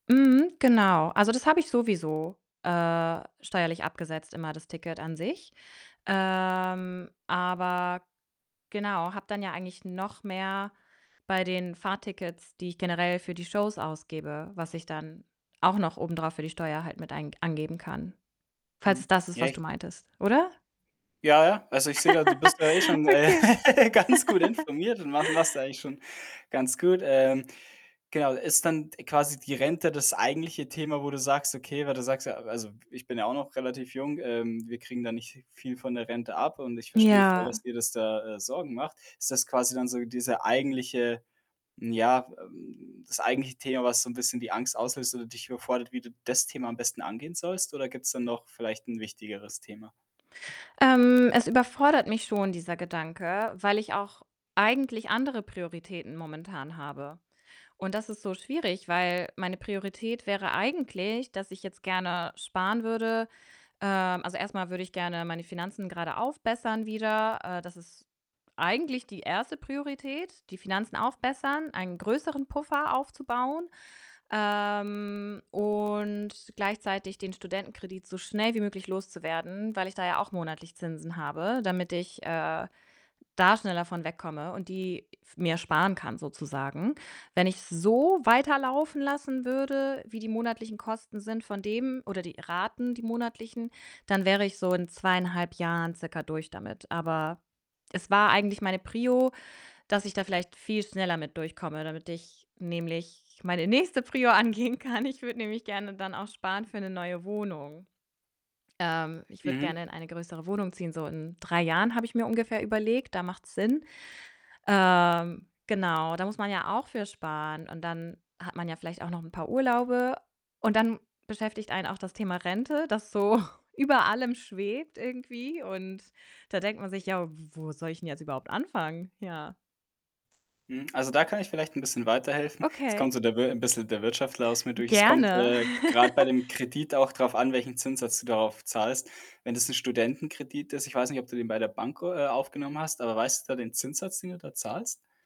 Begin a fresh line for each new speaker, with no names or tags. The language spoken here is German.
Mhm, genau. Also, das habe ich sowieso, äh, steuerlich abgesetzt immer, das Ticket an sich. Ähm, aber, genau, habe dann ja eigentlich noch mehr bei den Fahrtickets, die ich generell für die Shows ausgebe, was ich dann auch noch obendrauf für die Steuer halt mit ein angeben kann, falls es
Mhm.
das ist,
Ja
was du
ich
meintest, oder?
Ja, ja, also, ich sehe da, du bist ja eh schon, äh,
Okay.
ganz gut informiert und ma machst du eigentlich schon ganz gut. Ähm, genau, ist dann d quasi die Rente das eigentliche Thema, wo du sagst: „Okay“ weil du sagst, ja also, ich bin ja auch noch relativ jung, ähm, wir kriegen da nicht viel von der Rente ab und ich verstehe voll, dass
Ja.
dir das da, äh, Sorgen macht. Ist das quasi dann so diese eigentliche ja, ähm, das eigentliche Thema, was so 'n bisschen die Angst auslöst oder dich überfordert, wie du das Thema am besten angehen sollst? Oder gibt's da noch vielleicht 'n wichtigeres Thema?
Ähm, es überfordert mich schon, dieser Gedanke, weil ich auch eigentlich andere Prioritäten momentan habe. Und das ist so schwierig, weil meine Priorität wäre eigentlich, dass ich jetzt gerne sparen würde. Ähm, also, erst mal würde ich gerne meine Finanzen gerade aufbessern wieder. Äh, das ist eigentlich die 1. Priorität, die Finanzen aufbessern, einen größeren Puffer aufzubauen, ähm, und gleichzeitig den Studentenkredit so schnell wie möglich loszuwerden, weil ich da ja auch monatlich Zinsen habe, damit ich, äh, da schneller von wegkomme und die f mir sparen kann sozusagen. Wenn ich's so weiterlaufen lassen würde, wie die monatlichen Kosten sind von dem oder die Raten, die monatlichen, dann wäre ich so in 2,5 Jahren circa durch damit. Aber es war eigentlich meine Prio, dass ich da vielleicht viel schneller mit durchkomme, damit ich nämlich meine nächste Prio angehen kann. Ich würde nämlich gerne dann auch sparen für 'ne neue Wohnung. Ähm, ich würde
Mhm.
gerne in eine größere Wohnung ziehen, so in 3 Jahren habe ich mir ungefähr überlegt, da macht's Sinn. Ähm, genau, da muss man ja auch für sparen und dann hat man ja vielleicht auch noch 'n paar Urlaube und dann beschäftigt einen auch das Thema Rente, das so über allem schwebt irgendwie und da denkt man sich: „Ja, w wo soll ich 'n jetzt überhaupt anfangen?“ Ja.
Mhm, also, da kann ich vielleicht 'n bisschen weiterhelfen. Es kommt
Okay.
so der Wir 'n bisschen der Wirtschaftler aus mir
G
durch. Es kommt,
gerne.
äh, grad bei dem Kredit auch drauf an, welchen Zinssatz du darauf zahlst. Wenn das 'n Studentenkredit ist ich weiß nicht, ob du den bei der Bank o äh, aufgenommen hast, aber weißt du da den Zinssatz, den du da zahlst?